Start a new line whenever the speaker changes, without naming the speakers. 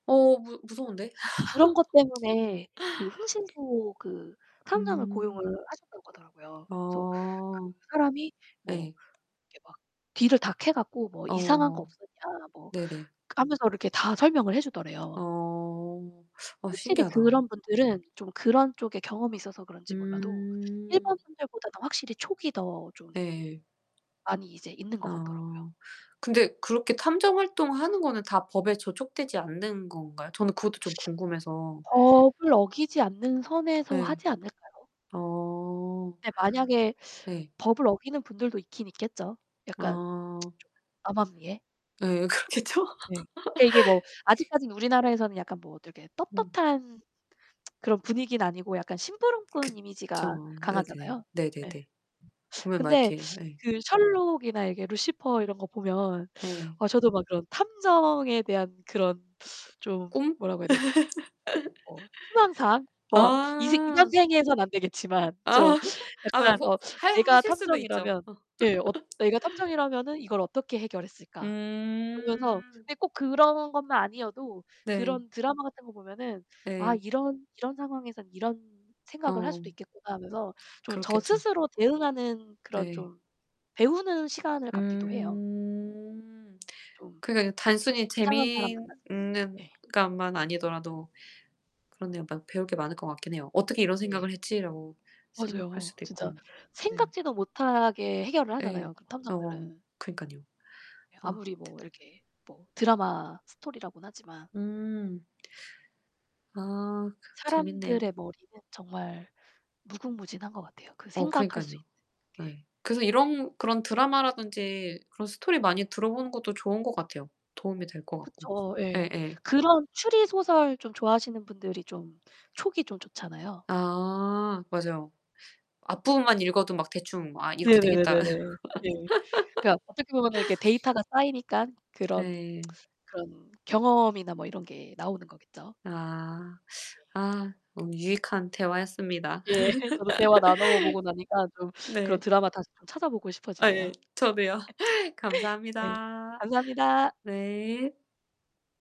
어, 무 무서운데.
그런 것 때문에 그 흥신소 그 탐정을
음.
고용을 하셨다고 하더라고요. 그래서 그
어.
사람이 뭐
예.
이렇게 막 뒤를 다 캐 갖고 뭐 "이상한 거
어.
없었냐?" 뭐
네네.
하면서 이렇게 다 설명을 해 주더래요.
어. 어,
확실히
신기하다.
그런 분들은 좀 그런 쪽에 경험이 있어서 그런지 몰라도
음.
일반 분들보다 더 확실히 촉이 더 좀
네.
많이 이제 있는 거 같더라고요.
아. 근데 그렇게 탐정 활동하는 거는 다 법에 저촉되지 않는 건가요? 저는 그것도 좀 궁금해서.
법을 어기지 않는 선에서
네.
하지 않을까요?
어.
근데 만약에
네.
법을 어기는 분들도 있긴 있겠죠. 약간
아.
좀 암암리에.
네, 그렇겠죠.
네. 그러니까 이게 뭐 아직까지는 우리나라에서는 약간 뭐 되게
음.
떳떳한 그런 분위기는 아니고 약간 심부름꾼 이미지가
그쵸. 예 네네.
강하잖아요. 예.
네네네. 보면 막
근데
이렇게 네.
그 셜록이나 이게 루시퍼 이런 거 보면
예.
어 저도 막 그런 탐정에 대한 그런 좀
꿈?
뭐라고 해야 되지? 어, 희망 사항? 뭐 이 새 이번
아.
생에서는 안 되겠지만
아.
좀
아
약간
[unintelligible]
어,
하야
내가
하실 수도 있죠.
탐정이라면
어.
예, 엇 '내가 탐정이라면은 이걸 어떻게 해결했을까?' 그러면서
음.
근데 꼭 그런 것만 아니어도
네.
그런 드라마 같은 거 보면은 '아,
예.
이런 이런 상황에선 이런 생각을 할
어.
수도 있겠구나.' 하면서 좀 저
그렇겠죠.
스스로 대응하는 그런
네.
좀 배우는 시간을 갖기도 해요.
음.
좀
그러니까 이거 단순히
이상한 사람 만났을
재미있는
때. 네.
것만 아니더라도 그런데 막 배울 게 많을 거 같긴 해요. '어떻게 이런
네.
생각을 했지.'라고 생각할
맞아요.
수도
진짜
있고, 네.
생각지도 못하게 해결을 하잖아요,
예.
그
아 뭐.
탐정들은.
그니깐요 아,
아무리 뭐
대단
이렇게 뭐 드라마 스토리라고는 하지만.
음. 아 그 재밌네요.
사람들의 머리는 정말 무궁무진한 것 같아요, 그
어,
생각할 수
그러니깐요.
있는 게.
예. 그래서
예.
이런 그런 드라마라든지 그런 스토리 많이 들어보는 것도 좋은 것 같아요. 도움이 될 것 같고,
그쵸. 예.
예예.
그런 추리 소설 좀 좋아하시는 분들이 좀 촉이 좀 좋잖아요.
아
네.
맞아요. 앞부분만 읽어도 막 대충 뭐 '아, 이렇게
네네 네네
되겠다.'
네. 네. 그러니까 어떻게 보면은 이렇게 데이터가 쌓이니까 그런
예.
그런 경험이나 뭐 이런 게 나오는 거겠죠.
아.
네 [unintelligible]
아, 너무 유익한 대화였습니다.
예, 저도 대화 나눠 보고 나니까 좀 그런
네.
드라마 다시 좀 찾아보고
아
싶어지네요.
예. 저도요.
네,
감사합니다.
감사합니다.
네.